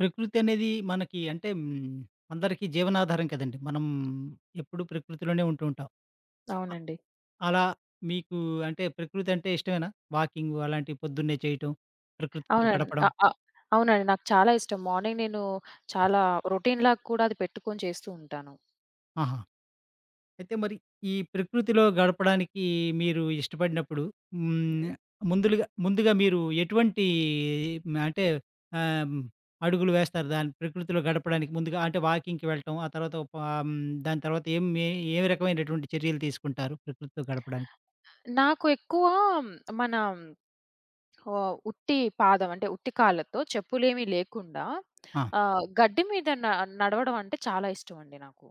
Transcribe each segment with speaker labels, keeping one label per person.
Speaker 1: ప్రకృతనేది మనకి అంటే హ్మ్. అందరికి జీవనాధారం కదండీ! మనం ఎప్పుడు ప్రకృతిలోనే ఉంటూ ఉంటాం. ఆ!
Speaker 2: అవునండి.
Speaker 1: అలా మీకు అంటే ప్రకృతంటే ఇష్టమేనా? వాకింగు అలాంటివి పొద్దున్నే చేయటం, ప్రకృతితో
Speaker 2: అవునండి.
Speaker 1: గడపడం?
Speaker 2: ఆహ్, ఆహ్, అవునండి. నాకు చాలా ఇష్టం. మార్నింగ్ నేను చాలా రొటీన్‌లాగా కూడా అది పెట్టుకొని చేస్తూ ఉంటాను.
Speaker 1: ఆహా! అయితే మరి ఈ ప్రకృతిలో గడపడానికి మీరు ఇష్టపడినప్పుడు హ్మ్.
Speaker 2: హ్మ్.
Speaker 1: ముందులుగా ముందుగా మీరు ఎటువంటి అంటే ఆహ్, అడుగులు వేస్తారు, దాన్ని ప్రకృతిలో గడపడానికి ముందుగా? అంటే వాకింగ్‌కి వెళ్ళటం ఆ తర్వాత ఆహ్, హ్మ్. దాని తర్వాత ఏం ఏ, ఏ రకమైనటువంటి చర్యలు తీసుకుంటారు ప్రకృతితో గడపడానికి?
Speaker 2: నాకు ఎక్కువ మన ఆహ్, ఉట్టి పాదం, అంటే ఉట్టి కాళ్ళతో చెప్పులేమి లేకుండా
Speaker 1: ఆ!
Speaker 2: ఆహ్, గడ్డి మీద న నడవడం అంటే చాలా ఇష్టం అండి నాకు.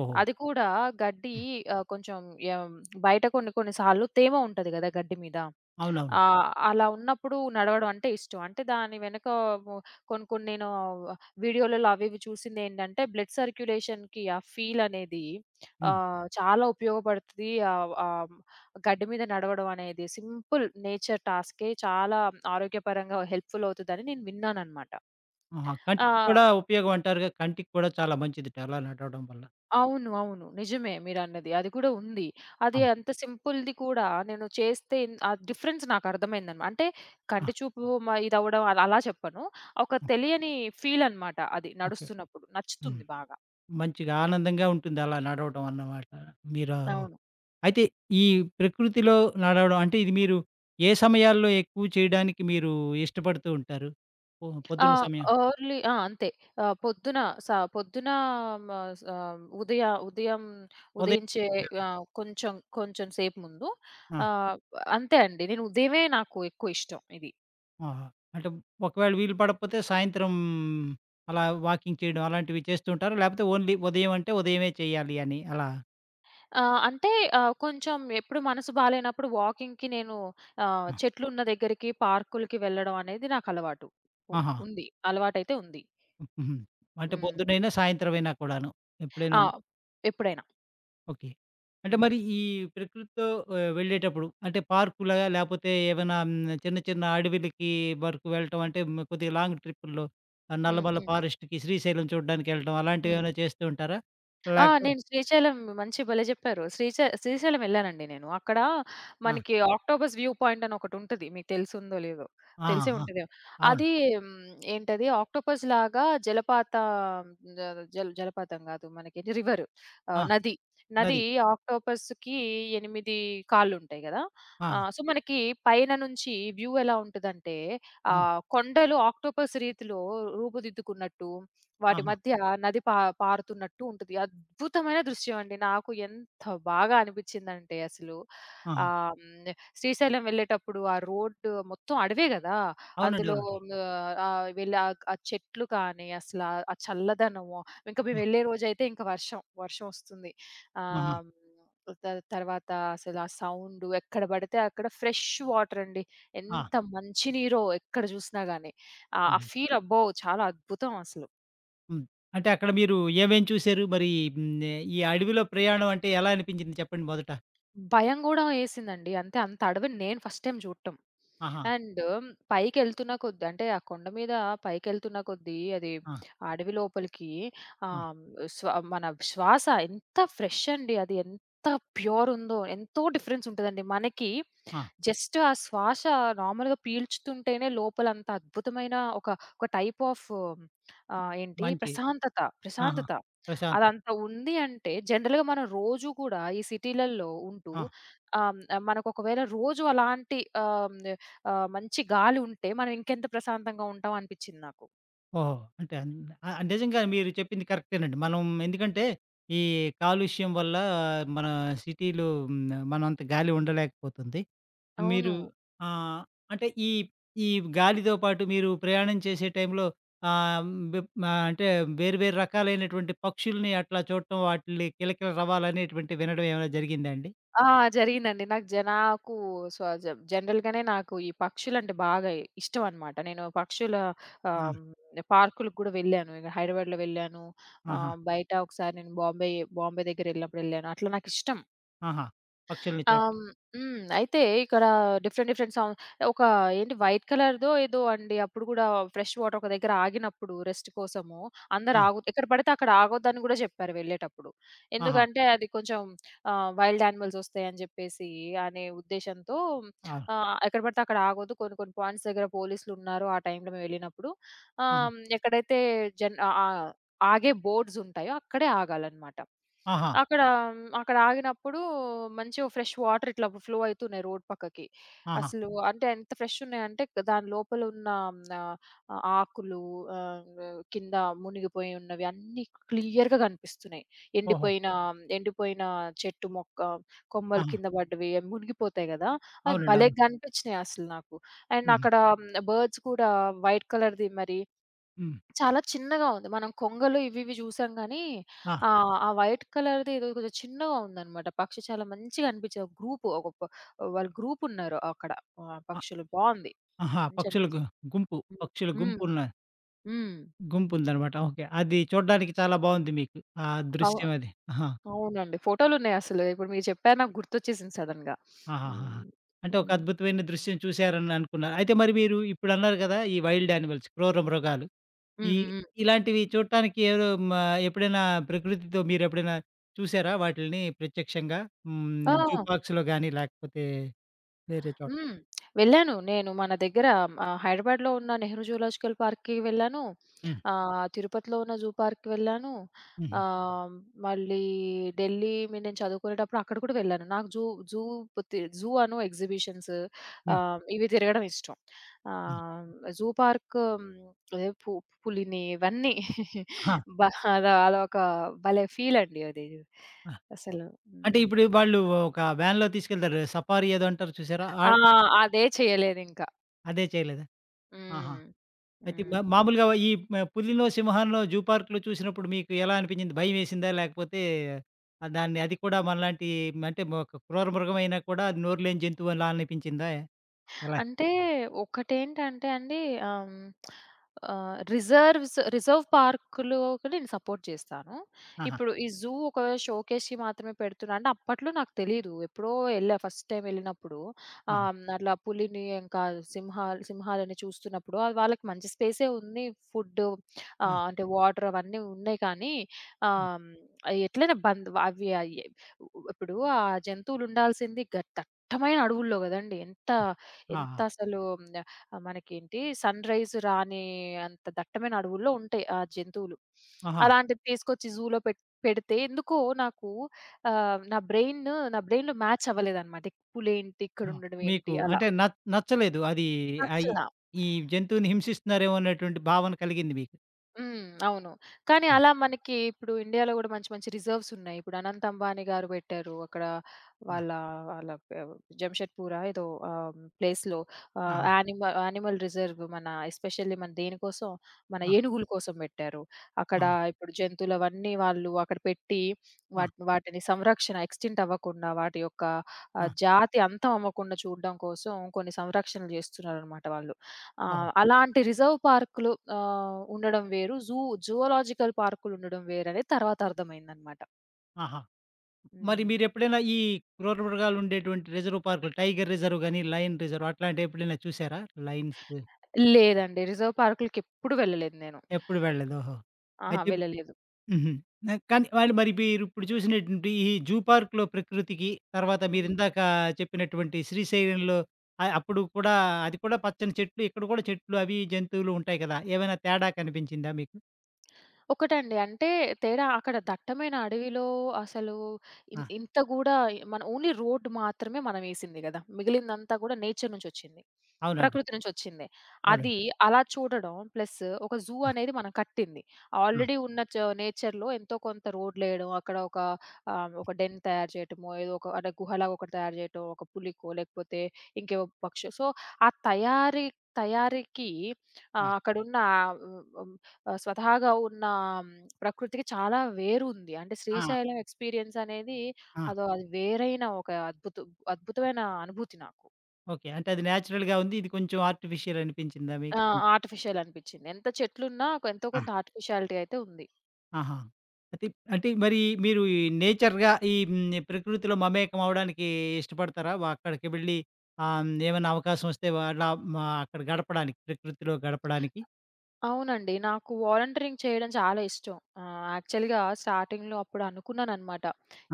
Speaker 1: ఓహో!
Speaker 2: అది కూడా గడ్డి
Speaker 1: హ్మ్.
Speaker 2: ఆహ్, కొంచెం ఏం బయట కొన్ని కొన్ని సార్లు తేమ ఉంటది గదా! గడ్డి మీద,
Speaker 1: అవునవును.
Speaker 2: ఆహ్, అలా ఉన్నప్పుడు నడవడం అంటే ఇష్టం. అంటే దాని వెనకమో కొన్ని కొన్ని నేను వీడియోలలో అవి, ఇవి చూసిందేంటంటే బ్లడ్ సర్క్యులేషన్‌కి ఆ ఫీల్ అనేది
Speaker 1: హ్మ్.
Speaker 2: ఆహ్, చాలా ఉపయోగపడుతది ఆహ్, ఆహ్, గడ్డి మీద నడవడం అనేది సింపుల్ నేచర్ టాస్కే చాలా ఆరోగ్యపరంగా హెల్ప్‌ఫుల్ అవుతదని నేను విన్నానన్నమాట.
Speaker 1: ఆహా!
Speaker 2: ఆ
Speaker 1: కంటికి కూడా ఉపయోగం అంటారుగా? కంటికి కూడా చాలా మంచిదిట అలా నడవడం వల్ల.
Speaker 2: అవును. అవును. నిజమే మీరన్నది. అది కూడా ఉంది. అది
Speaker 1: అవును.
Speaker 2: అంత సింపుల్‌ది కూడా నేను చేస్తే ఇం ఆ డిఫరెన్స్ నాకర్థమైందన్నమాట. అంటే
Speaker 1: ఆ!
Speaker 2: కంటి చూపు మ ఇదవ్వడం అలా చెప్పను, ఒక
Speaker 1: హ్మ్.
Speaker 2: తెలియని ఫీలన్నమాట అది
Speaker 1: ఓకే.
Speaker 2: నడుస్తున్నప్పుడు,
Speaker 1: హ్మ్.
Speaker 2: నచ్చుతుంది బాగా.
Speaker 1: మంచిగా ఆనందంగా ఉంటుంది అలా నడవడం అన్నమాట. మీరు,
Speaker 2: అవును.
Speaker 1: అయితే ఈ ప్రకృతిలో నడవడం అంటే ఇది మీరు ఏ సమయాల్లో ఎక్కువ చేయడానికి మీరు ఇష్టపడుతూ ఉంటారు? ఓహో!
Speaker 2: ఆ!
Speaker 1: పొద్దున్న సమయం?
Speaker 2: అర్లీ ఆ! అంతే. ఆహ్, పొద్దున, స పొద్దున మ స ఉదయ ఉదయం
Speaker 1: ఉదయం.
Speaker 2: ఉదయించే
Speaker 1: ఆ!
Speaker 2: ఆహ్, కొంచెం, కొంచెం సేపు ముందు ఆ!
Speaker 1: ఆ!
Speaker 2: అంతే అండి. నేను ఉదయమే నాకు ఎక్కువిష్టం ఇది.
Speaker 1: ఆహా! అంటే ఒకవేళ వీలు పడకపోతే సాయంత్రం అలా వాకింగ్ చేయడం అలాంటివి చేస్తూ ఉంటారా? లేకపోతే ఓన్లీ ఉదయం అంటే ఉదయమే చెయ్యాలి అని అలా
Speaker 2: ఆహ్, అంటే ఆహ్, కొంచెం ఎప్పుడు మనసు బాలేనప్పుడు వాకింగ్‌కి నేను ఆహ్,
Speaker 1: హ్మ్.
Speaker 2: చెట్లున్న దగ్గరికి పార్కులకి వెళ్ళడం అనేది నాకలవాటు. ఉ
Speaker 1: ఆహా!
Speaker 2: ఉంది అలవాటైతే ఉంది.
Speaker 1: హ్మ్. హుహు. అంటే
Speaker 2: హ్మ్.
Speaker 1: పొద్దునైనా సాయంత్రం అయినా కూడాను ఎప్పుడైనా.
Speaker 2: ఆ! ఎప్పుడైనా.
Speaker 1: ఓకే. అంటే
Speaker 2: హ్మ్.
Speaker 1: మరి ఈ ప్రకృతితో ఆహ్, వెళ్ళేటప్పుడు అంటే పార్క్‌లాగా లేపోతే ఏమైనా చిన్న, చిన్న అడివులకి వరకు వెళ్ళటం అంటే కొద్దిగా లాంగ్ ట్రిప్పుల్లో ఆహ్,
Speaker 2: హ్మ్,
Speaker 1: నల్లమల
Speaker 2: హ్మ్.
Speaker 1: ఫారెస్ట్‌కి శ్రీశైలం చూడ్డానికెళ్ళటం అలాంటివి
Speaker 2: హ్మ్.
Speaker 1: ఏమైనా చేస్తూ ఉంటారా?
Speaker 2: ఆ!
Speaker 1: లేకపోత్
Speaker 2: నేను శ్రీశైలం మంచి భలే చెప్పారు. శ్రీశై శ్రీశైలం వెళ్ళానండి నేను. అక్కడ
Speaker 1: ఆ!
Speaker 2: మనకి ఆక్టోపస్ వ్యూ పాయింట్ అని ఒకటి ఉంటది. మీకు తెల్సుందో లేదో!
Speaker 1: ఆ!
Speaker 2: తెలిసే
Speaker 1: ఆ!
Speaker 2: ఉంటాది.
Speaker 1: అవును.
Speaker 2: అదీ హ్మ్. ఏంటది ఆక్టోపస్‌లాగా జలపాత జ జల్ జలపాతం కాదు. మనకి రివరు.
Speaker 1: ఆ!
Speaker 2: ఆహ్, నది. నది
Speaker 1: నది.
Speaker 2: ఆక్టోపస్‌కి 8 కాళ్ళుంటాయి గదా!
Speaker 1: ఆ!
Speaker 2: ఆహ్, సో, మనకి పైన నుంచి వ్యూ ఎలా ఉంటదంటే ఆ
Speaker 1: ఆ!
Speaker 2: కొండలు ఆక్టోపస్ రీతిలో రూపుదిద్దుకున్నట్టు, వాటి
Speaker 1: ఆహా!
Speaker 2: మధ్య నది పా పారుతున్నట్టు ఉంటది. అద్భుతమైన దృశ్యం అండి. నాకు ఎంత బాగా అనిపించిందంటే అసలు
Speaker 1: ఆహా!
Speaker 2: ఆహ్, శ్రీశైలం వెళ్ళేటప్పుడు ఆ రోడ్డు మొత్తం అడవే గదా!
Speaker 1: అవునండి,
Speaker 2: అందులో
Speaker 1: అవునండి.
Speaker 2: ఆహ్, ఆహ్ వెళ్ళి ఆక్ ఆ చెట్లు కానీ అసలా ఆ చల్లదనము ఇంకా మేము
Speaker 1: హ్మ్.
Speaker 2: వెళ్ళే రోజైతే ఇంకా వర్షం. వర్షమోస్తుంది.
Speaker 1: ఆహా!
Speaker 2: ఆహ్, త తర్వాత అసలు ఆ సౌండు ఎక్కడ పడితే అక్కడ ఫ్రెష్ వాటర్ అండి.
Speaker 1: ఆ!
Speaker 2: ఎంత మంచి నీరో ఎక్కడ చూసినా గాని. ఆ ఆ
Speaker 1: అవును.
Speaker 2: ఫీల్ అబ్బో! చాలా అద్భుతం అసలు.
Speaker 1: హ్మ్. అంటే అక్కడ మీరు ఏమేం చూసారు మరి హ్మ్. ఆహ్, ఈ అడవిలో ప్రయాణం అంటే ఎలా అనిపించింది చెప్పండి మొదట?
Speaker 2: భయం గూడా యేసిందండి. అంటే అంత అడవిని నేను ఫస్ట్ టైమ్ చూడటం.
Speaker 1: ఆహా!
Speaker 2: అండు పైకెళ్తున్న కొద్ది అంటే ఆ కొండ మీద పైకెళ్తున్న కొద్దీ అది
Speaker 1: ఆ!
Speaker 2: అడవి లోపలికి
Speaker 1: ఆ!
Speaker 2: ఆహ్, హ్మ్. స్వ మన శ్వాస ఎంత ఫ్రెష్ అండి అది ఎంత ప్యూరుందో ఎంతో డిఫరెన్స్ ఉంటదండి. మనకి
Speaker 1: ఆ!
Speaker 2: జస్ట్ ఆ శ్వాస నార్మల్‌గా పీల్చుతుంటేనే లోపల అంత అద్భుతమైన ఒక ఒక టైప్ ఆఫు ఆహ్, ఏంటి?
Speaker 1: మంచి
Speaker 2: ప్రశాంతత,
Speaker 1: ఆహా!
Speaker 2: ప్రశాంతత.
Speaker 1: ప్రశాంతం.
Speaker 2: అదంత ఉంది అంటే జనరల్‌గా మనం రోజు గూడా ఈ సిటీలల్లో ఉంటూ
Speaker 1: ఆ!
Speaker 2: ఆహ్, హ్మ్. మనకు ఒకవేళ రోజు అలాంటి ఆహ్, హ్మ్. ఆహ్, మంచి గాలి ఉంటే మనం ఇంకెంత ప్రశాంతంగా ఉంటాం అనిపిచ్చింది నాకు.
Speaker 1: ఓహో! అంటే అన్ ఆహ్, నిజంగా మీరు చెప్పింది కరెక్టేనండి. మనం ఎందుకంటే ఈ కాలుష్యం వల్ల మన సిటీలో హ్మ్. ఆహ్, మనంత గాలి ఉండలేకపోతుంది. మీరు
Speaker 2: అవును.
Speaker 1: ఆహ్, అంటే ఈ ఈ గాలితో పాటు మీరు ప్రయాణం చేసే టైంలో ఆహ్, బెం ఆహ్, అంటే వేరు వేరు రకాలైనటువంటి పక్షుల్ని అట్లా చూడటం వాటిల్ని కిలకిల రావాలనేటువంటి వినడం ఏమైనా జరిగిందా అండి?
Speaker 2: ఆ! జరిగిందండి. నాకు జనా నాకు సజ జనరల్‌గానే నాకు ఈ పక్షులంటే బాగా ఇష్టం అన్నమాట. నేను పక్షుల
Speaker 1: ఆ!
Speaker 2: ఆహ్, హ్మ్. పార్కులకి గూడా వెళ్ళాను. ఇంగ హైదరాబాద్‌లో వెళ్ళాను.
Speaker 1: ఆహా!
Speaker 2: ఆహ్, బయట ఒకసారి నేను బాంబే బాంబే దగ్గర వెళ్ళినప్పుడు వెళ్ళాను. అట్లా నాకిష్టం.
Speaker 1: ఆహా! పక్షుల్ని
Speaker 2: ఆహ్.
Speaker 1: చూట్టం.
Speaker 2: హ్మ్. హ్మ్. అయితే ఇక్కడ డిఫరెంట్ డిఫరెంట్ సౌ ఒక ఏంటి వైట్ కలర్‌దో ఏదో అండి అప్పుడు గూడా ఫ్రెష్ వాటర్ ఒక దగ్గర ఆగినప్పుడు రెస్ట్ కోసము, అందరు
Speaker 1: ఆ!
Speaker 2: ఆగు ఎక్కడ పడితే అక్కడ ఆగొద్దని గూడా జెప్పారు వెళ్ళేటప్పుడు.
Speaker 1: ఆహా!
Speaker 2: ఎందుకంటే అది కొంచెం ఆహ్, వైల్డ్ యానిమల్స్ వస్తాయని జెప్పేసి అనే ఉద్దేశంతో
Speaker 1: అవును.
Speaker 2: ఆహ్, ఎక్కడ పడితే అక్కడ ఆగొద్దు. కొన్ని కొన్ని పాయింట్స్ దగ్గర పోలీసులున్నారు. ఆ టైంలో మేము వెళ్ళినప్పుడు
Speaker 1: ఆహా!
Speaker 2: ఆహ్, ఎక్కడైతే జన్ ఆహ్, ఆగే బోర్డ్స్ ఉంటాయో అక్కడే ఆగాలన్నమాట.
Speaker 1: ఆహా!
Speaker 2: అక్కడ అక్కడ ఆగినప్పుడు మంచిగా ఫ్రెష్ వాటర్ ఇట్లా ఫ్లో అయితున్నాయి రోడ్ పక్కకి.
Speaker 1: ఆహా!
Speaker 2: అసలు అంటే ఎంత ఫ్రెష్ ఉన్నాయంటే క్ దాని లోపల ఉన్న హ్మ్. ఆహ్, ఆకులు, ఆహ్, కింద మునిగిపోయి ఉన్నవి అన్నీ క్లియర్‌గా కనిపిస్తున్నాయి.
Speaker 1: ఓహో!
Speaker 2: ఎండిపోయిన ఎండిపోయిన చెట్టు మొక్క, కొమ్మలు
Speaker 1: ఆహా!
Speaker 2: కింద పడ్డవి అవి మునిగిపోతాయి గదా! అవి
Speaker 1: అవునండీ.
Speaker 2: భలే
Speaker 1: అవును.
Speaker 2: గనిపిచ్చినాయి. అసలు నాకు. అండ్
Speaker 1: హుహు.
Speaker 2: అక్కడ బర్డ్స్ కూడా వైట్ కలర్‌ది మరి.
Speaker 1: హ్మ్.
Speaker 2: చాలా చిన్నగా ఉంది. మనం కొంగలు ఇవి ఇవి జూసాం గాని,
Speaker 1: ఆ!
Speaker 2: ఆహ్, ఆ వైట్ కలర్‌ది ఏదో కొది చిన్నగా ఉందన్నమాట. పక్షి చాలా మంచిగా అనిపిచ్చింది. ఒక గ్రూపు ఒకక వాళ్ళు గ్రూపున్నారు. అక్కడ ఆహ్,
Speaker 1: ఆ!
Speaker 2: పక్షులు బావుంది.
Speaker 1: ఆహా!
Speaker 2: మంచిగ
Speaker 1: పక్షుల
Speaker 2: అనిపిచ్చింది.
Speaker 1: గు గుంపు పక్షుల
Speaker 2: హ్మ్. హ్మ్.
Speaker 1: గుంపున్న
Speaker 2: హ్మ్.
Speaker 1: గుంపుందన్నమాట. ఓకే. అది చూడ్డానికి చాలా బావుంది మీకు. ఆ
Speaker 2: అవు
Speaker 1: దృశ్యం అది. ఆహా!
Speaker 2: అవునండి. ఫోటోలున్నాయి అసలు. ఇప్పుడు మీరు చెప్పారు నాకు గుర్తొచ్చేసింది సడెన్‌గా.
Speaker 1: ఆహాహాహా!
Speaker 2: హ్మ్.
Speaker 1: అంటే ఒక
Speaker 2: హ్మ్.
Speaker 1: అద్భుతమైన దృశ్యం చూశారననుకున్నారు. అయితే మరి మీరు ఇప్పుడన్నారు గదా! ఈ వైల్డ్ యానిమల్స్ క్రూర మృగాలు
Speaker 2: హ్మ్.
Speaker 1: ఈ
Speaker 2: హ్మ్. హ్మ్.
Speaker 1: ఇలాంటివి చూట్టానికి ఎవరో మ ఎప్పుడైనా ప్రకృతితో మీరు ఎప్పుడైనా చూసారా వాటిల్ని ప్రత్యక్షంగా? హ్మ్.
Speaker 2: ఆ!
Speaker 1: జూపార్క్స్‌లో గానీ లేకపోతే వేరే చోట్
Speaker 2: హ్మ్. వెళ్ళాను. నేను మన దగ్గర ఆహ్, హైదరాబాద్‌లో ఉన్న 'నెహ్రూ జూలాజికల్ పార్క్‌కి' వెళ్ళాను.
Speaker 1: హ్మ్.
Speaker 2: ఆహ్, తిరుపతిలో ఉన్న జూ పార్క్‌‌కి వెళ్ళాను.
Speaker 1: హుహు.
Speaker 2: ఆహ్, మళ్ళీ ఢిల్లీ మీ నేను చదువుకునేటప్పుడు అక్కడ కూడా వెళ్ళాను. నాకు జూ జూ తి జూ అను ఎక్సిబిషన్సు
Speaker 1: హ్మ్.
Speaker 2: ఆహ్, ఇవి తిరగడం ఇష్టం.
Speaker 1: హ్మ్.
Speaker 2: ఆహ్, జూ పార్కు హ్మ్. ఎ పు పులిని ఇవన్నీ
Speaker 1: ఆహా!
Speaker 2: బాగా అదొక భలే ఫీలండి అది
Speaker 1: ఆ!
Speaker 2: అసలు
Speaker 1: అంటే
Speaker 2: హ్మ్.
Speaker 1: ఇప్పుడు వాళ్ళు ఒక వ్యాన్‌లో తీసుకెళ్తారు గదా! సఫారీ ఏదో అంటారు చూసారా! ఆ!
Speaker 2: ఆ! అదే చేయలేదింకా.
Speaker 1: అదే చేయలేదా? ఆహా!
Speaker 2: హ్మ్.
Speaker 1: అయితే
Speaker 2: హ్మ్.
Speaker 1: మా-మామూలుగా ఈ పు పులినో, సింహాన్నో జూ పార్క్‌లో చూసినప్పుడు మీకు ఎలా అనిపించింది? భయమేసిందా? లాకపోతే దాన్ని అది కూడా మనలాంటి, అంటే క్రూర మృగం అయినా కూడా అది నోరులేని జంతువులా అనిపిచ్చిందా? ఎలా?
Speaker 2: అంటే ఒకటేంటంటే అండి. ఆహ్, హ్మ్. ఆహ్, రిజర్వ్స్, రిజర్వ్ పార్క్‌లోకి నేను సపోర్ట్ చేస్తాను.
Speaker 1: ఆహా!
Speaker 2: ఇప్పుడు ఈ జూ ఒక షోకేస్‌కి మాత్రమే పెడుతున్నాడు. అంటే అప్పట్లో నాకు తెలీదు. ఎప్పుడో ఎళ్ళా. ఫస్ట్ టైమ్ ఎళ్ళినప్పుడు
Speaker 1: ఆ!
Speaker 2: ఆహ్, అట్లా పులిని ఇంకా సింహా సింహాలని చూస్తున్నప్పుడు అది వాళ్ళకి మంచి స్పేసే ఉంది. ఫుడ్డు,
Speaker 1: ఆ!
Speaker 2: ఆహ్, అంటే వాటర్ అవన్నీ ఉన్నాయి. కానీ
Speaker 1: హ్మ్.
Speaker 2: ఆహ్, ఎట్లైనా బంధ్ అవి. ఆహ్, ఇప్పుడు ఆ జంతువులు ఉండాల్సింది గ దట్టమైన అడవుల్లో గదండీ. ఎంత
Speaker 1: ఆ! ఆహా!
Speaker 2: ఎంతసలు మనకేంటి సన్‌రైజ్ రాని అంత దట్టమైన అడవుల్లో ఉంటాయి ఆ జంతువులు.
Speaker 1: ఆహా!
Speaker 2: అలాంటివి తీసుకొచ్చి జూలో పెట్ పెడితే ఎందుకో నాకు ఆహ్, నా బ్రెయిను బ్రెయిన్‌లో మ్యాచ్ అవ్వలేదన్నమాట. పులేంటి ఇక్కడ
Speaker 1: ఆ!
Speaker 2: ఉండడం
Speaker 1: మీకు
Speaker 2: ఏంటి అలా.
Speaker 1: అంటే న నచ్చలేదు. అది ఆహ్, ఈ
Speaker 2: నచ్చలా.
Speaker 1: ఈ జంతువులని హింసిస్తున్నారేమో అనేటువంటి భావన కలిగింది మీకు.
Speaker 2: హ్మ్, అవును. కానీ
Speaker 1: ఆ!
Speaker 2: అలా మనకి ఇప్పుడు ఇండియాలో గూడా మంచి మంచి రిజర్వ్స్ ఉన్నాయి. ఇప్పుడు అనంత్ అంబానీ గారు పెట్టారు. అక్కడ
Speaker 1: ఆ!
Speaker 2: వాళ్ళ, వాళ్ళ పె జంషెడ్పూరా! ఏదో. ఆహ్, ప్లేస్‌లో ఆహ్,
Speaker 1: ఆహా!
Speaker 2: యానిమల్ యానిమల్ రిజర్వ్ మన ఎస్పెషల్లీ మన దేనికోసం మన
Speaker 1: ఆ!
Speaker 2: ఏనుగుల కోసం పెట్టారు. అక్కడ
Speaker 1: ఆహా!
Speaker 2: ఇప్పుడు జంతువులు అవన్నీ వాళ్ళు అక్కడ పెట్టి
Speaker 1: ఆ!
Speaker 2: వాటిని వాటిని సంరక్షణ ఎక్స్‌టింక్ట్ అవ్వకుండా వాటి యొక్క ఆహ్,
Speaker 1: ఆ!
Speaker 2: జాతి అంతం అవ్వకుండా చూడడం కోసం కొన్ని సంరక్షణలు జేస్తున్నారన్నమాట వాళ్ళు.
Speaker 1: ఓహో!
Speaker 2: ఆహ్, అలాంటి రిజర్వ్ పార్కులు ఆహ్, ఉండడం వేరు. జూ జూలాజికల్ పార్కులు ఉండడం వేరు అని తర్వాత అర్థమైందన్నమాట.
Speaker 1: ఆహా! మరి
Speaker 2: హ్మ్.
Speaker 1: మీరెప్పుడైనా ఈ క్రూర మృగాలుండేటువంటి రిజర్వ్ పార్కులు, టైగర్ రిజర్వ్ గాని, లయన్ రిజర్వ్ అట్లాంటివి ఎప్పుడైనా చూసారా? లయన్స్
Speaker 2: లేదండి. రిజర్వ్ పార్కులకెప్పుడు వెళ్ళలేదు నేను.
Speaker 1: ఎప్పుడు వెళ్ళలేదు, ఓహో!
Speaker 2: ఆహా!
Speaker 1: అయితే
Speaker 2: వెళ్ళలేదు.
Speaker 1: హుహు. ఆహ్, కానీ వాళ్లు మరి మీరు ఇప్పుడు చూసినటువంటి ఈ జూ పా‌ర్క్‌లో ప్రకృతికి తర్వాత మీరు
Speaker 2: హ్మ్.
Speaker 1: ఇందాక చెప్పినటువంటి శ్రీశైలంలో ఆహ్, అప్పుడు కూడా అది కూడా పచ్చని చెట్లు, ఇక్కడ కూడా చెట్లు అవీ జంతువులు ఉంటాయి కదా! ఏమైనా తేడా కనిపించిందా మీకు?
Speaker 2: ఒకటండి. అంటే తేడా అక్కడ దట్టమైన అడవిలో అసలు ఇన్
Speaker 1: ఆ!
Speaker 2: ఇంత గూడా మనం ఓన్లీ రోడ్డు మాత్రమే మనం ఏసింది గదా. మిగిలిందంతా కూడా నేచర్ నుంచొచ్చింది.
Speaker 1: అవునండి.
Speaker 2: ప్రకృతి నుంచొచ్చిందే.
Speaker 1: అవునండి.
Speaker 2: అది అలా చూడడం ప్లసు, ఒక జూ
Speaker 1: ఆ!
Speaker 2: అనేది మనం కట్టింది.
Speaker 1: హ్మ్.
Speaker 2: ఆల్రెడీ ఉన్న చ నేచర్‌లో ఎంతో కొంత రోడ్లేయడం, అక్కడ ఒక ఆహ్, ఒక డెన్ తయారు చేయడమో, ఏదో ఒక అంటే గుహ లాగా ఒకటి తయారు చేయటం, ఒక పులికో లేకపోతే ఇంకేవో పక్షి సో, ఆ తయారీ తయారీకి,
Speaker 1: ఆ!
Speaker 2: ఆహ్, అక్కడున్న ఉ హ్మ్. ఆహ్, స్వతహాగా ఉన్న ప్రకృతికి చాలా వేరు ఉంది. అంటే
Speaker 1: ఆ!
Speaker 2: శ్రీశైలం ఎక్స్‌పీరియన్సనేది
Speaker 1: ఆ!
Speaker 2: అదో అది వేరైన ఒక అద్భుతం. అద్భుతమైన అనుభూతి నాకు.
Speaker 1: ఓకే. అంటే అది నాచురల్‌గా ఉంది. ఇది కొంచెం ఆర్టిఫిషియల్ అనిపించిందా
Speaker 2: ఆ!
Speaker 1: మీకు?
Speaker 2: ఆర్టిఫిషియల్ అనిపిచ్చింది. ఎంత చెట్లున్నా ఎంతో
Speaker 1: ఆ!
Speaker 2: కొంత ఆర్టిఫిషియాలిటీ అయితే ఉంది.
Speaker 1: ఆహా! అయితే ప్ అంటే మరి మీరు, ఈ నేచర్‌గా ఈ హ్మ్. నే ప్రకృతిలో మమేకం అవ్వడానికి ఇష్టపడతారా? వ అక్కడికి వెళ్ళి ఆహ్, హ్మ్. ఏమన్నా అవకాశం వస్తే వాళ్ళ మా అక్కడ గడపడానికి, ప్రకృతిలో గడపడానికి?
Speaker 2: అవునండి. నాకు వాలంటీరింగ్ చేయడం చాలా ఇష్టం. ఆహ్, యాక్చువల్‌గా స్టార్టింగ్‌లో అప్పుడనుకున్నానన్నమాట.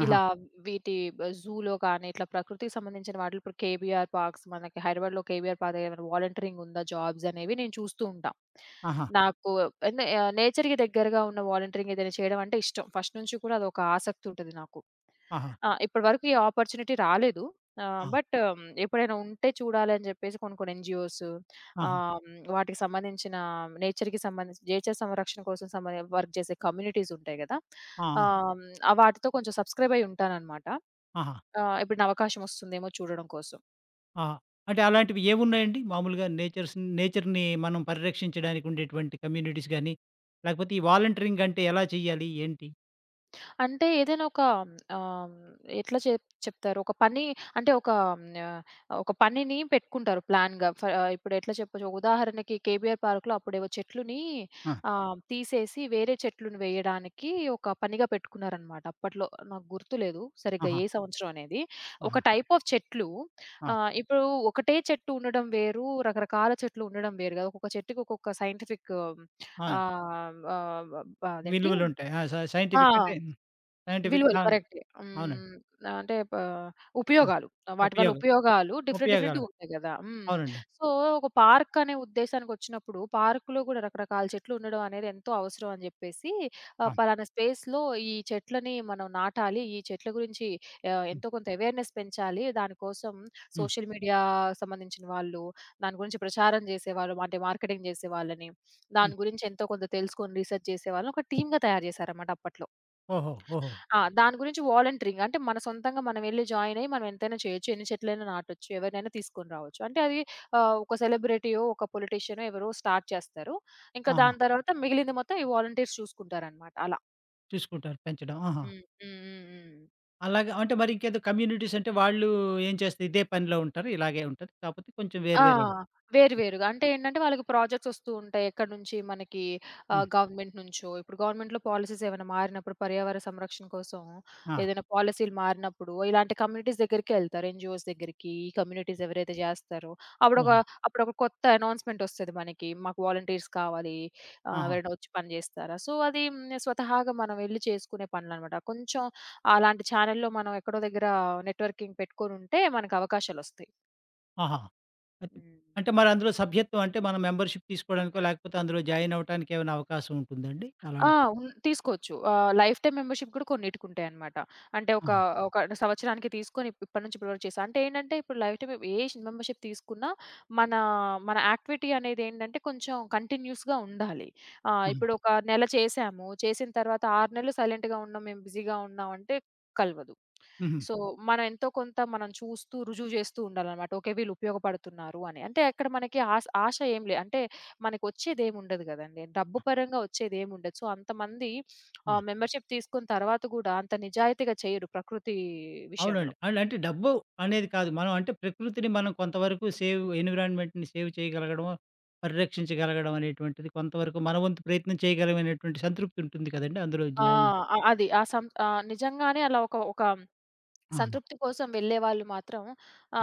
Speaker 1: ఆహా!
Speaker 2: ఇలా వీటి జూలో కానీ, ఇట్లా ప్రకృతికి సంబంధించిన వాటిలో. ఇప్పుడు కేబీఆర్ పార్క్స్ మనకి హైదరాబాద్‌లో ఉంది. కేబీఆర్ పార్క్‌లో ఏమైనా వాలంటీరింగ్ ఉందా, జాబ్సనేవి నేను చూస్తూ ఉంటా.
Speaker 1: ఆహా!
Speaker 2: నాకు అన్ నె య నేచర్‌కి దెగ్గరగా ఉన్న వాలంటీరింగ్ ఏదైనా చేయడం అంటే ఇష్టం. ఫస్ట్ నుంచి కూడా అదొక ఆసక్తి ఉంటది నాకు.
Speaker 1: ఆహా!
Speaker 2: ఆహ్, ఇప్పటి వరకు ఈ ఆపర్చునిటీ రాలేదు. ఆహ్,
Speaker 1: ఆ!
Speaker 2: బట్ ఎప్పుడైనా ఉంటే, చూడాలని జెప్పేసి కొన్ని, కొన్ని ఎన్‌జీఓస్,
Speaker 1: ఆహా!
Speaker 2: ఆహ్, హ్మ్. వాటికి సంబంధించిన నేచర్‌కి సంబంధించిన నేచర్ సంరక్షణ కోసం సమరేం వర్క్ చేసే కమ్యూనిటీసుంటాయి కదా.
Speaker 1: ఆ!
Speaker 2: ఆహ్, హ్మ్. వాటితో కొంచెం సబ్‌స్క్రైబయ్యి ఉంటానన్నమాట.
Speaker 1: ఆహా!
Speaker 2: ఆహ్, ఎప్పుడన్నా అవకాశం ఒస్తుందేమో చూడడం కోసం.
Speaker 1: ఆ! అంటే అలాంటివి ఏమున్నాయండి? మామూలుగా నేచర్స్, నేచర్‌ని మనం పరిరక్షించడానికి ఉండేటువంటి కమ్యూనిటీస్ గాని, లాకపోతే ఈ వాలంటీరింగ్ అంటే ఎలా చేయాలి? ఏంటి?
Speaker 2: అంటే ఏదైనా ఒక ఆహ్, ఎట్లా చెప్ చెప్తారు, ఒక పని అంటే ఒక ఆహ్, హ్మ్. ఒక పనిని పెట్టుకుంటారు ప్లాన్‌గా. ఫ ఇప్పుడు ఎట్లా చెప్పొచ్చు, ఉదాహరణకి కేబీఆర్ పార్క్‌లో అప్పుడేవో చెట్లుని
Speaker 1: ఆ!
Speaker 2: ఆహ్, తీసేసి వేరే చెట్లుని వేయడానికి ఒక పనిగా పెట్టుకున్నారన్నమాట. అప్పట్లో నాకు గుర్తులేదు సరిగ్గా
Speaker 1: ఆహా!
Speaker 2: ఏ సంవత్సరం అనేది. ఒక
Speaker 1: ఆహా!
Speaker 2: టైప్ ఆఫ్ చెట్లు
Speaker 1: ఆ!
Speaker 2: ఆహ్, ఇప్పుడు ఒకటే చెట్టు ఉండడం వేరు, రకరకాల చెట్లు ఉండడం వేరు కదా. ఒక్కొక్క చెట్టుకి ఒక్కొక్క సైంటిఫిక్
Speaker 1: ఆ!
Speaker 2: ఆహ్, ఆహ్, అదేంటి?
Speaker 1: విలువలు ఉంటాయి. ఆహ్, స
Speaker 2: ఆ!
Speaker 1: సైంటిఫిక్ అంటే సైంటిఫిక్
Speaker 2: విలువలు.
Speaker 1: ఆ!
Speaker 2: కరెక్ట్.
Speaker 1: అవునండి.
Speaker 2: హ్మ్. అంటే పా
Speaker 1: ఆ!
Speaker 2: ఉపయోగాలు. వాటి వల్ల
Speaker 1: ఉపయోగం,
Speaker 2: ఉపయోగాలు డిఫరెంట్ డిఫరెంట్‌గా
Speaker 1: ఉపయోగాలు.
Speaker 2: ఉంటాయి కదా. హ్మ్.
Speaker 1: అవునండి.
Speaker 2: సో, ఒక పార్క్ అనే ఉద్దేశానికొచ్చినప్పుడు పార్క్‌లో గూడా రకరకాల చెట్లు ఉండడం అనేది ఎంతో అవసరం అని జెప్పేసి ఆహ్,
Speaker 1: అవును.
Speaker 2: పలానా స్పేస్‌లో ఈ చెట్లని మనం నాటాలి. ఈ చెట్ల గురించి ఆహ్,
Speaker 1: హ్మ్.
Speaker 2: ఎంతో కొంత అవేర్‌నెస్ పెంచాలి. దానికోసం
Speaker 1: హ్మ్.
Speaker 2: సోషల్ మీడియా సంబంధించిన వాళ్ళు, దాని గురించి ప్రచారం జేసేవాళ్ళు అంటే మార్కెటింగ్ జేసేవాళ్ళని,
Speaker 1: హ్మ్.
Speaker 2: దాని గురించి ఎంతో కొంత తెలుసుకొని రీసెర్చ్ చేసేవాళ్ళని ఒక టీమ్‌గా తయారు చేసారన్నమాట అప్పట్లో.
Speaker 1: ఓహో! ఓహో!
Speaker 2: ఆ! దాని గురించి వాలంటీరింగ్ అంటే మన సొంతంగా మనమెళ్లి జాయిన్ అయ్యి మనం ఎంతైనా చేయొచ్చు, ఎన్ని చెట్లైనా నాటొచ్చు, ఎవరినైనా తీసుకొని రావచ్చు. అంటే అది ఆహ్, ఒక సెలబ్రిటీయో, ఒక పొలిటీషియనో ఎవరో స్టార్ట్ చేస్తారు. ఇంకా
Speaker 1: ఆహా!
Speaker 2: దాని తరువాత మిగిలింది మొత్తం ఈ వాలంటీర్స్ చూసుకుంటారన్నమాట. అలా.
Speaker 1: చూసుకుంటారు పెంచడం. ఆహా!
Speaker 2: హ్మ్. హ్మ్. హ్మ్. హ్మ్.
Speaker 1: అలాగా అంటే మరింకేదో కమ్యూనిటీస్ అంటే వాళ్ళు ఏం చేస్తాయి? ఇదే పనిలో ఉంటారా? ఇలాగే ఉంటది. కాకపోతే కొంచెం వేరు
Speaker 2: ఆ!
Speaker 1: వేరన్
Speaker 2: వేరు
Speaker 1: ఇంకా
Speaker 2: వేరుగా. అంటే ఏంటంటే వాళ్ళకి ప్రాజెక్ట్స్ వస్తూ ఉంటాయి. ఎక్కడి నుంచి మనకి
Speaker 1: హ్మ్.
Speaker 2: ఆహ్, గవర్నమెంట్ నుంచో ఇప్పుడు గవర్నమెంట్‌లో పాలిసీస్ ఏవన్నా మారినప్పుడు పర్యావరణ సంరక్షణ కోసం,
Speaker 1: ఆ!
Speaker 2: ఏదైనా పాలిసీలు మారినప్పుడు ఇలాంటి కమ్యూనిటీస్ దెగ్గరికే యెళ్తారు. ఎన్‌జిఓస్ దెగ్గరికి ఈ కమ్యూనిటీస్ ఎవరైతే జెస్తారో, అప్పుడొక
Speaker 1: ఆహా!
Speaker 2: అప్పుడొక కొత్త అనౌన్స్‌మెంటొస్తది మనకి, "మాకు వాలంటీర్స్ కావాలి ఆహ్,
Speaker 1: ఆహా!
Speaker 2: ఎవరైనా వచ్చి పని జెస్తారా?" సో, అది నేను స్వతహాగా మనం వెళ్లి చేసుకునే పనులనమాట. కొంచెం అలాంటి చానెల్‌లో మనం ఎక్కడో దెగ్గర నెట్‌వర్కింగ్ పెట్టుకొనుంటే మనకవకాశాలొస్తాయి.
Speaker 1: ఆహా! అది
Speaker 2: హ్మ్.
Speaker 1: అంటే మరందులో సభ్యత్వం, అంటే మనం మెంబర్‌షిప్ తీసుకోడానికో, లాకపోతే అందులో జాయినవ్వటానికేమైనా అవకాశం ఉంటుందా అండి?
Speaker 2: ఆ!
Speaker 1: అలాంటి
Speaker 2: ఉన్ తీసుకోవచ్చు. ఆహ్, లైఫ్ టైమ్ మెంబర్‌షిప్ కూడా కొన్నిటికుంటాయనమాట. అంటే ఒకా,
Speaker 1: ఆహా!
Speaker 2: ఒక అంటే సంవత్సరానికి తీసుకొని ఇప్ ఇప్పటి నుంచి ఇప్పటి వరకు చేశాం.అంటే ఏంటంటే ఇప్పుడు లైఫ్ టైమ్ ఏ మెంబర్‌షిప్ తీసుకున్నా, మన, మన యాక్టివిటీ అనేదేంటంటే కొంచెం కంటిన్యూయస్‌గా ఉండాలి. ఆహ్,
Speaker 1: హ్మ్.
Speaker 2: ఇప్పుడు ఒక నెల చేసాము చేసిన తరువాత 6 నెలలు సైలెంట్‌గా ఉన్నాం, మేము బిజిగా ఉన్నాం అంటే కలవదు.
Speaker 1: హుహు.
Speaker 2: సో, మనం ఎంతో కొంత మనం చూస్తూ, రుజువు చేస్తూ ఉండాలనమాట. ఓకే. వీళ్ళు ఉపయోగపడుతున్నారు అని. అంటే అక్కడ మనకి ఆస ఆశ ఏమి లేదు. అంటే మనకు వచ్చేదేముండదు గదండీ! డబ్బు
Speaker 1: ఆ!
Speaker 2: పరంగా ఒచ్చేదేముండదు. సో, అంతమంది ఆహ్,
Speaker 1: ఆ!
Speaker 2: మెంబర్‌షిప్ తీసుకొని తరువాత గూడా అంత నిజాయితీగా చెయ్యరు ప్రకృతి
Speaker 1: అవునండి.
Speaker 2: విషయంలో.
Speaker 1: అండంటే డబ్బు అనేది కాదు. మనం అంటే ప్రకృతిని మనం కొంతవరకు సేవ్ ఎన్విరాన్మెంట్‌ని సేవ్ చేయగలగడమో, పరిరక్షించగలగడం అనేటువంటిది కొంతవరకు మన వంతు ప్రయత్నం చేయగలం అనేటువంటి సంతృప్తుంటుంది కదండీ అందులో
Speaker 2: ఆ!
Speaker 1: జాయినయ్యి.
Speaker 2: అ అది. ఆ సం నిజంగానే అలా ఒక ఒక
Speaker 1: అవును.
Speaker 2: సంతృప్తి కోసం వెళ్ళేవాళ్ళు మాత్రం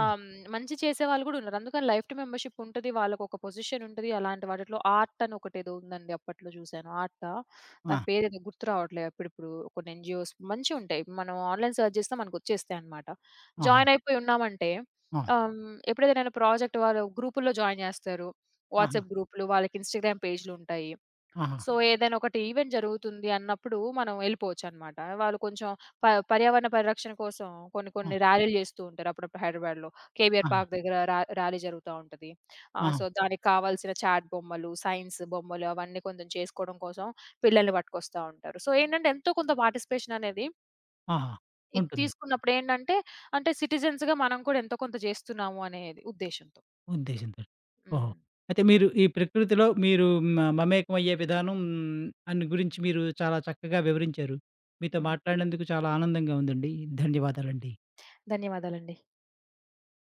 Speaker 1: హ్మ్.
Speaker 2: మంచి చేసేవాళ్ళు కూడా ఉన్నారు. అందుకని లైఫ్ టైమ్ మెంబర్‌‌షిప్ ఉంటది. వాళ్ళకొక పొజిషనుంటది. అలాంటి వాటిలో ఆర్ట్ అని ఒకటేదో ఉందండి, అప్పట్లో చూసాను, ఆర్టా?
Speaker 1: ఆ!
Speaker 2: దాని పేరేదో గుర్తు రావట్లేదు. అప్పుడప్పుడు కొన్ని ఎన్‌జి‌ఓస్ మంచివుంటాయి. ఇప్పుడు మనం ఆన్‌లైన్ సెర్చ్ జేస్తే మనకు ఒచ్చేస్తాయనమాట.
Speaker 1: ఆహా!
Speaker 2: జాయినయిపోయి ఉన్నామంటే
Speaker 1: ఆ!
Speaker 2: ఆహ్, హ్మ్. ఎప్పుడైతే ఏదైనా ప్రాజెక్ట్ వాళ్ళు గ్రూపుల్లో జాయిన్ జేస్తారు.
Speaker 1: ఆహా!
Speaker 2: వాట్సాప్ గ్రూప్లు, వాళ్ళకి ఇన్‌స్టా‌గ్రామ్ పేజులుంటాయి.
Speaker 1: ఆహా!
Speaker 2: సో, ఏదైనా ఒకటి ఈవెంట్ జరుగుతుంది అన్నప్పుడు మనం యెళ్ళిపోవచ్చనమాట. వాళ్ళు కొంచెం ప పర్యావరణ పరిరక్షణ కోసం కొన్ని
Speaker 1: ఆ!
Speaker 2: కొన్ని ర్యాలీలు చేస్తూ ఉంటారు అప్పుడప్పుడు హైదరాబాద్‌లో. కేబీఆర్
Speaker 1: ఆహా!
Speaker 2: పార్కు దగ్గర రా ర్యాలీ జరుగుతా ఉంటది. ఆహ్,
Speaker 1: ఆహా!
Speaker 2: సో, దానికి కావాల్సిన చాట్ బొమ్మలు, సైన్సు బొమ్మలు అవన్నీ కొంచెం చేసుకోవడం కోసం పిల్లల్ని పట్టుకొస్తా ఉంటారు. సో, ఏంటంటే ఎంతో కొంత పార్టిసిపేషన్ అనేది
Speaker 1: ఆహా!
Speaker 2: ఇది
Speaker 1: ఉంటుంది.
Speaker 2: తీసుకున్నప్పుడేంటంటే అంటే సిటిజన్స్‌గా మనం కూడా ఎంతో కొంత జేస్తున్నాము అనేది ఉద్దేశ్యంతో.
Speaker 1: ఉద్దేశంతోటి, ఓహో!
Speaker 2: హ్మ్.
Speaker 1: అయితే మీరు ఈ ప్రకృతిలో మీరు హ్మ్. ఆహ్, మమేకమయ్యే విధానం అని గురించి మీరు చాలా చక్కగా వివరించారు. మీతో
Speaker 2: హ్మ్.
Speaker 1: మాట్లాడినందుకు చాలా ఆనందంగా ఉందండి. ధన్యవాదాలండి.
Speaker 2: ధన్యవాదాలండి.